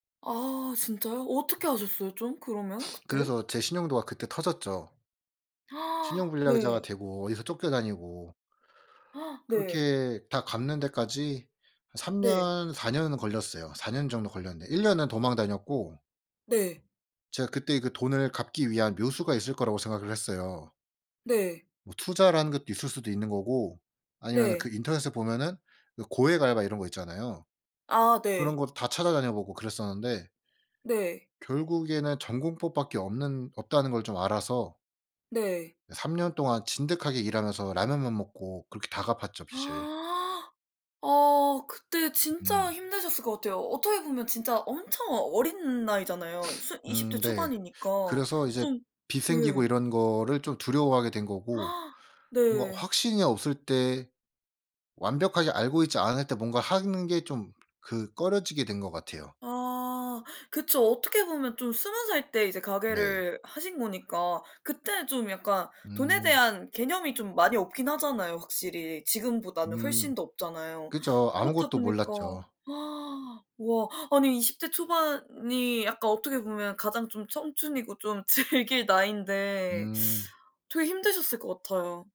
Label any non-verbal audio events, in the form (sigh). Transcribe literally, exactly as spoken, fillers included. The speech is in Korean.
아 진짜요? 어떻게 하셨어요? 좀 그러면 (sniffs) 그때? 그래서 제 신용도가 그때 터졌죠. (gasps) 신용불량자가 네. 되고 어디서 쫓겨 다니고 (gasps) 네. 그렇게 다 갚는 데까지 한 삼 네. 년 사 년은 걸렸어요. 사 년 정도 걸렸는데 일 년은 도망 다녔고 네. 제가 그때 그 돈을 갚기 위한 묘수가 있을 거라고 생각을 했어요. 네. 뭐 투자라는 것도 있을 수도 있는 거고 아니면은 그 네. 인터넷에 보면은 그 고액 알바 이런 거 있잖아요. 아 그런 네. 거 다 찾아다녀보고 그랬었는데 네. 결국에는 '정공법밖에 없는 없다.'는 걸 좀 알아서 네. 예 삼 년 동안 진득하게 일하면서 라면만 먹고 그렇게 다 갚았죠 빚을. (gasps) 어 그때 진짜 음. 힘드셨을 것 같아요. 어떻게 보면 진짜 엄청 어린 나이잖아요. (sniffs) 순 이십 음 대 네. 초반이니까 그래서 이제 좀 빚 생기고 네. 이런 거를 좀 두려워하게 된 거고 (gasps) 뭔가 네. 확신이 없을 때 완벽하게 알고 있지 않을 때 뭔가 하는 게 좀 그 꺼려지게 된 것 같아요. 아 그쵸. 어떻게 보면 좀 스무 살 때 이제 네. 가게를 하신 거니까 그때 좀 약간 돈에 음. 대한 개념이 좀 많이 없긴 하잖아요 확실히. 지금보다는 음. 훨씬 더 없잖아요. 그쵸. 그렇다 아무것도 보니까 몰랐죠. (gasps) 와 아니 이십 대 초반이 약간 어떻게 보면 가장 좀 청춘이고 좀 즐길 나이인데 음. 되게 힘드셨을 것 같아요.